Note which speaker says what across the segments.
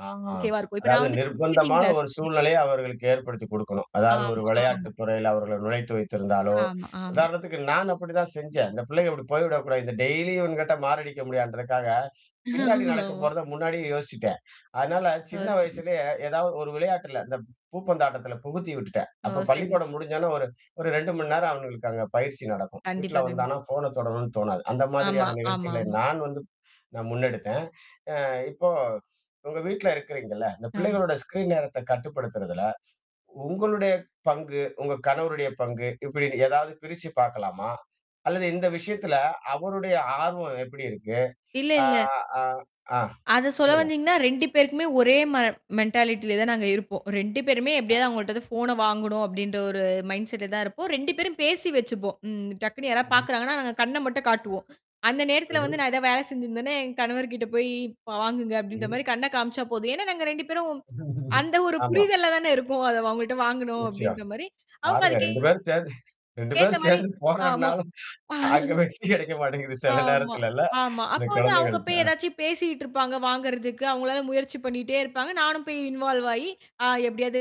Speaker 1: ஆ
Speaker 2: ஒகேவா இருக்கும். இப்ப நான்
Speaker 1: அதாவுது
Speaker 2: வந்து டைப்பிரைடுங்
Speaker 1: நிர்பந்தமான
Speaker 2: கிளாஸ்
Speaker 1: ஒரு சூழ்நிலைய அவர்களுக்கு ஏற்படுத்திக் கொடுக்கணும். அதாது ஒரு
Speaker 2: ஆமா, ஆமா.
Speaker 1: விளையாட்டுத் துறையில அவர்கள நுழைத்து வைத்திருந்தாலோ,
Speaker 2: ஆமா, ஆமா.
Speaker 1: உதாரணத்துக்கு நான் அப்டிதான் செஞ்சேன். இந்த பிள்ளைகள் இப்படி போய்விடக்கூடாது. இந்த டெய்லியும் இவன்கிட்ட மாரடிக்க முடியாதுன்றதுக்காக, பின்னாடி நடக்கப்
Speaker 2: ஆமா.
Speaker 1: போறத முன்னாடியே யோசிச்சுட்டேன். அதனால
Speaker 2: ஆ.
Speaker 1: சின்ன
Speaker 2: சரி.
Speaker 1: வயசுலேயே ஏதாவது ஒரு விளையாட்டில இந்த பூப்பந்தாட்டத்தில புகுத்தியுட்டுட்டேன்.
Speaker 2: ஓ!
Speaker 1: அப்போ
Speaker 2: சரிங்க,
Speaker 1: பள்ளிக்கூடம்
Speaker 2: ச
Speaker 1: முடிஞ்ச உடனே ஒரு ஒரு 2 மணி நேரம். அவனுங்களுக்கு அங்க பயிற்சி நடக்கும். வீட்ல
Speaker 2: கண்டிப்பா, கண்டிப்பா.
Speaker 1: வந்தானா போன் தொடணும்னு தோணாது. அந்த
Speaker 2: ஆமா,
Speaker 1: மாரியான
Speaker 2: ஆமா,
Speaker 1: நிகழ்ச்சிகளை
Speaker 2: ஆமா.
Speaker 1: நான் வந்து நான் முன்னெடுத்தேன். அ இப்போ உங்க வீட்ல இருக்கிறீங்கல்ல, இந்த
Speaker 2: ஆமா.
Speaker 1: பிள்ளைகளோட ஸ்கிரீன் நேரத்த கட்டுப்படுத்துறதுல உங்களுடைய பங்கு, உங்க கணவருடைய பங்கு இப்படி ஏதாவது பிரிச்சு பார்க்கலாமா? அல்லது இந்த விஷயத்துல அவருடைய ஆர்வம் எப்படி இருக்கு?
Speaker 2: இல்ல,
Speaker 1: அ.
Speaker 2: இல்ல.
Speaker 1: ஆ. அ.
Speaker 2: அத சொல்ல
Speaker 1: சொல்லுங்க.
Speaker 2: வந்தீங்கனா 2 பேருக்குமே ஒரே ம மென்டாலிட்டில தான் நாங்க இருப்போம். 2 பேருமே
Speaker 1: ஆ.
Speaker 2: எப்படியாவது அவங்கள்ட்டருந்து ஃபோன வாங்ணும் அப்டின்ற ஒரு மைண்ட்செடல தான் இருப்போம். 2 பேரும் பேசி வெச்சுப்போம். ம். டக்குன்னு யாராது
Speaker 1: ம்ஹ்ம்.
Speaker 2: பாக்கிறாங்கனா நாங்க கண்ண மட்டும் காட்டுவோம். அந்த நேரத்தில வந்து
Speaker 1: ம்ஹ்ம்.
Speaker 2: நான் ஏதாது வேல செஞ்சிருந்தேன்னா என் கணவர்ட்ட போய் ப வாங்குங்க அப்டின்ற
Speaker 1: ம்.
Speaker 2: மாரி கண்ணக் காமிச்சா போதும். ஏன்னா நாங்க 2 பேரும் அந்த ஒரு
Speaker 1: ஆமா.
Speaker 2: புரிதல்ல தான இருக்கோம். அத அவங்கள்ட்ட வாங்கணும்
Speaker 1: நிச்சயம்.
Speaker 2: அப்டின்ற மாரி அவங்க
Speaker 1: பாருங்க
Speaker 2: அதுக்கு
Speaker 1: 2 பேரும் சேர்ந்து, 2
Speaker 2: ஏத்த
Speaker 1: பேரும்
Speaker 2: மாரி.
Speaker 1: சேர்ந்து
Speaker 2: ஆமா.
Speaker 1: போராடுனாலும், அங்க வெற்றி கிடைக்க மாட்டேங்குது சில
Speaker 2: ஆமா,
Speaker 1: நேரத்தில இல்ல
Speaker 2: ஆமா.
Speaker 1: இந்த
Speaker 2: அப்போ வந்து அவங்க போய்
Speaker 1: குழந்தைகள்ட்ட.
Speaker 2: ஏதாச்சுபேசிட்டு இருப்பாங்க வாங்கரதுக்கு அவங்களால முயற்சி பண்ணிட்டே இருப்பாங்க. நானும் போய் இன்வால்வ் ஆயி எப்டியாது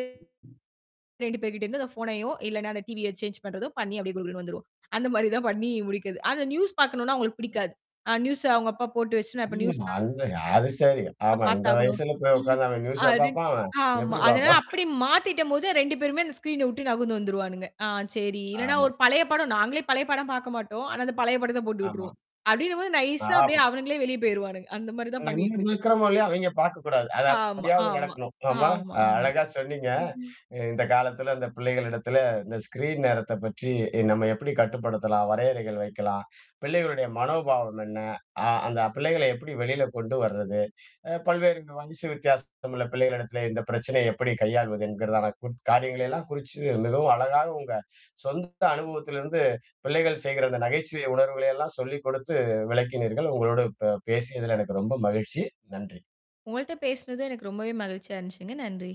Speaker 2: 2 பேர்ட்ட இருந்து அந்த ஃபோனையோ இல்லனா அந்த டிவிய சேஞ்ச் பண்றதோ பண்ணி அப்டியே குடு குடுனு வந்துருவோம். அந்த மாரி தான் பண்ணி முடிக்கிறது. அந்த நியூஸ் பார்க்கணம்னா அவங்களுக்கு பிடிக்காது. அ நியூஸ்ஸ அவங்க அப்பா போட்டு வெச்சு இப்ப நியூஸ்
Speaker 1: [unintelligible] அங்க அது சரி. ஆமா, இந்த
Speaker 2: பார்த்தாகணும்.
Speaker 1: வயசுல போய்
Speaker 2: ம்.
Speaker 1: உட்காந்து அவன் நியூஸா
Speaker 2: அது
Speaker 1: பார்ப்பான் அவன்?
Speaker 2: ஆமா.
Speaker 1: எப்படி
Speaker 2: அதனால
Speaker 1: பார்ப்பான்?
Speaker 2: அப்டி மாத்திட்டம் போது 2 பேருமே அந்த ஸ்கிரீன்ன விட்டு நகுந்து வந்துருவானுங்க. ஆ சரி இல்லனா
Speaker 1: ஆமா.
Speaker 2: ஒரு பழைய படம் நாங்களே பழைய படம் பார்க்க மாட்டோம். ஆனா அந்த பழைய படத்த போட்டு
Speaker 1: ஆமா.
Speaker 2: விட்டுருவோம். அப்டின்னும் போது நைஸ்ஸா அப்டியே
Speaker 1: [unintelligible]
Speaker 2: அவனுங்களே வெளியே போய்டுவாங்க. அந்த மாரி தான்
Speaker 1: நம்ம
Speaker 2: பண்ணிட்டிருக்கு.
Speaker 1: இருக்கிரமோ இல்லயோ அவங்க பார்க்கக்கூடாது. அது
Speaker 2: ஆமா,
Speaker 1: அப்படியாவது
Speaker 2: ஆமா,
Speaker 1: நடக்கணும். ஆமா
Speaker 2: ஆமா, ஆமா.
Speaker 1: அழகா சொன்னீங்க. அ இந்த காலத்தில அந்த பிள்ளைகளிடத்தில இந்த ஸ்கிரீன் நேரத்தைப் பற்றி நம்ம எப்படி கட்டுப்படுத்தலாம், வரையறைகள் வைக்கலாம். பிள்ளைகளுடைய மனோபாவம் என்ன? அ அந்த பிள்ளைகள எப்படி வெளில கொண்டு வர்றது. அ பல்வேறு வயசு வித்தியாசம் உள்ள பிள்ளைகளிடத்தில இந்த பிரச்சனைய எப்படி கையாள்வது என்கறதான காரியங்களெல்லாம் குறிச்சு மிகவும் அழகா உங்க சொந்த அனுபவத்திலிருந்து பிள்ளைகள் செய்கிற அந்த நகைச்சுவை உணர்வுகலையெல்லாம் சொல்லிக் கொடுத்து விளக்கினீர்கள். உங்களோடு ப பேசியதில எனக்கு ரொம்ப மகிழ்ச்சி. நன்றி.
Speaker 2: உங்கள்ட்ட பேசுனதும் எனக்கு ரொம்பவே மகிழ்ச்சியா இருந்துச்சுங்க. நன்றி.